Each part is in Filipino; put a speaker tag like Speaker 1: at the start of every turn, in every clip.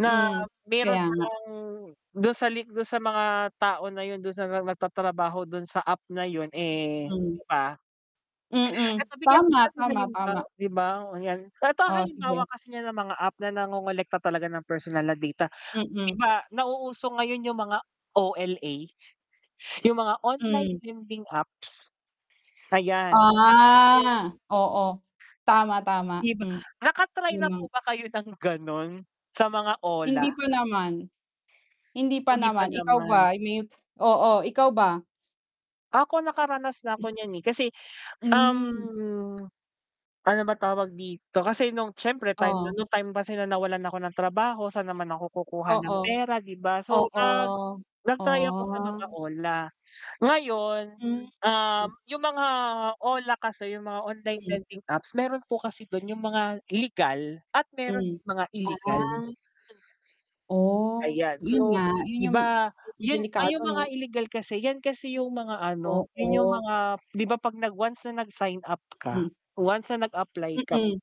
Speaker 1: Na
Speaker 2: Hmm,
Speaker 1: meron
Speaker 2: kaya
Speaker 1: pa
Speaker 2: nga.
Speaker 1: lang dun sa li dun sa mga tao na yun, dun sa nagtatrabaho dun sa app na yun, eh, di
Speaker 2: Hmm.
Speaker 1: ba?
Speaker 2: Mm.
Speaker 1: 'Eto bigyan kita
Speaker 2: Tama,
Speaker 1: ng
Speaker 2: tama,
Speaker 1: halimbawa
Speaker 2: tama.
Speaker 1: di ba, 'yan. 'Eto ang
Speaker 2: Oh,
Speaker 1: halimbawa
Speaker 2: sige.
Speaker 1: kasi niya ng mga app na nangongolekta talaga ng personal na data. Di
Speaker 2: Mm.
Speaker 1: ba nauuso ngayon yung mga OLA, yung mga online
Speaker 2: Hmm.
Speaker 1: lending apps, ayan. [unintelligible]
Speaker 2: Ah. Oo. Tama, tama.
Speaker 1: Di ba?
Speaker 2: Hmm,
Speaker 1: Naka-try
Speaker 2: yung
Speaker 1: na po
Speaker 2: mga
Speaker 1: ba kayo ng ganun? Sa mga OLA?
Speaker 2: Hindi pa naman. Hindi pa
Speaker 1: Hindi pa
Speaker 2: naman. Ikaw
Speaker 1: naman.
Speaker 2: ba may oo, ikaw ba?
Speaker 1: Ako nakaranas na ako niyan, eh, kasi,
Speaker 2: Hmm.
Speaker 1: um, ano ba tawag dito? Kasi nung syempre time na
Speaker 2: Oh.
Speaker 1: nun nung time na nawalan ako ng trabaho, sa'n naman ako kukuha ng
Speaker 2: Oo.
Speaker 1: pera, 'di ba? So,
Speaker 2: Oo.
Speaker 1: nag nag-try ako sa mga
Speaker 2: Oh.
Speaker 1: OLA. Ngayon,
Speaker 2: Hmm.
Speaker 1: um, yung mga OLA kasi, yung mga online
Speaker 2: Mm.
Speaker 1: lending apps meron po kasi dun yung mga legal at meron
Speaker 2: Hmm,
Speaker 1: din mga illegal.
Speaker 2: ah. Oh.
Speaker 1: Ayan,
Speaker 2: Yun
Speaker 1: so
Speaker 2: nga. Yun
Speaker 1: 'di
Speaker 2: yung
Speaker 1: ba yun ay
Speaker 2: delikado
Speaker 1: yung mga
Speaker 2: 'no?
Speaker 1: illegal kasi 'yan kasi yung mga ano, yun yung
Speaker 2: Oo.
Speaker 1: mga 'di ba 'pag nag once na nag-sign up ka,
Speaker 2: Hmm.
Speaker 1: once na nag-apply ka,
Speaker 2: Mm.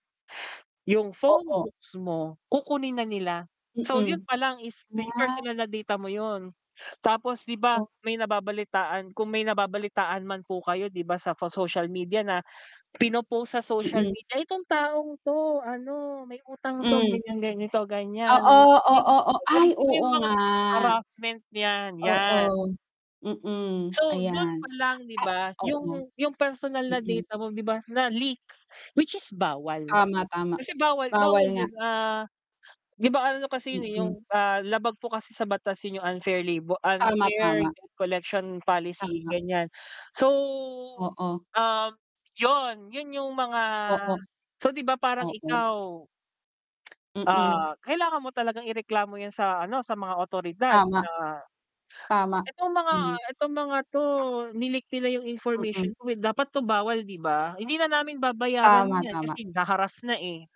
Speaker 1: yung
Speaker 2: Oo.
Speaker 1: phonebooks mo kukunin na nila. So, yun
Speaker 2: Mm.
Speaker 1: pa lang is pe
Speaker 2: Ah.
Speaker 1: personal na data mo yun. Tapos 'di ba
Speaker 2: O
Speaker 1: may nababalitaan kung may nababalitaan man po kayo 'di ba sa social media na pino-post sa social
Speaker 2: Mm.
Speaker 1: media, "Itong taong 'to ano, may utang 'to,
Speaker 2: Hmm.
Speaker 1: ganyan, ganito, ganyan."
Speaker 2: Oo, oo, oo,
Speaker 1: Tapos
Speaker 2: ay
Speaker 1: 'di ba
Speaker 2: oo
Speaker 1: yung mga
Speaker 2: nga.
Speaker 1: harassment 'yan. 'Yan.
Speaker 2: Oo. Mm,
Speaker 1: So, dun
Speaker 2: ayan.
Speaker 1: pa lang di
Speaker 2: Ah,
Speaker 1: ba
Speaker 2: oo.
Speaker 1: yung yung personal na
Speaker 2: Mm.
Speaker 1: data mo 'di ba, na-leak which is bawal.
Speaker 2: Tama, tama.
Speaker 1: Kasi bawal bawal
Speaker 2: Bawal
Speaker 1: yun.
Speaker 2: nga.
Speaker 1: Ah, 'di ba ano kasi yun, eh, yung,
Speaker 2: Mm.
Speaker 1: ah, labag po kasi sa batas yun yung unfair labor
Speaker 2: Tama,
Speaker 1: unfair
Speaker 2: tama.
Speaker 1: collection policy,
Speaker 2: Tama.
Speaker 1: ganyan. So,
Speaker 2: Oo.
Speaker 1: ah, 'yon. Yun yung mga
Speaker 2: Oo.
Speaker 1: so, di ba parang
Speaker 2: Oo.
Speaker 1: ikaw
Speaker 2: Mm.
Speaker 1: ah, kailangan mo talagang ireklamo 'yan sa ano, sa mga awtoridad
Speaker 2: Tama.
Speaker 1: na
Speaker 2: Tama.
Speaker 1: itong mga
Speaker 2: Hmm.
Speaker 1: itong mga 'to ni-leak nila yung
Speaker 2: Mm.
Speaker 1: information ko. Dapat 'to bawal, di ba? Hindi na namin babayaran
Speaker 2: Tama,
Speaker 1: 'yan
Speaker 2: tama.
Speaker 1: kasi na-harrass na, eh.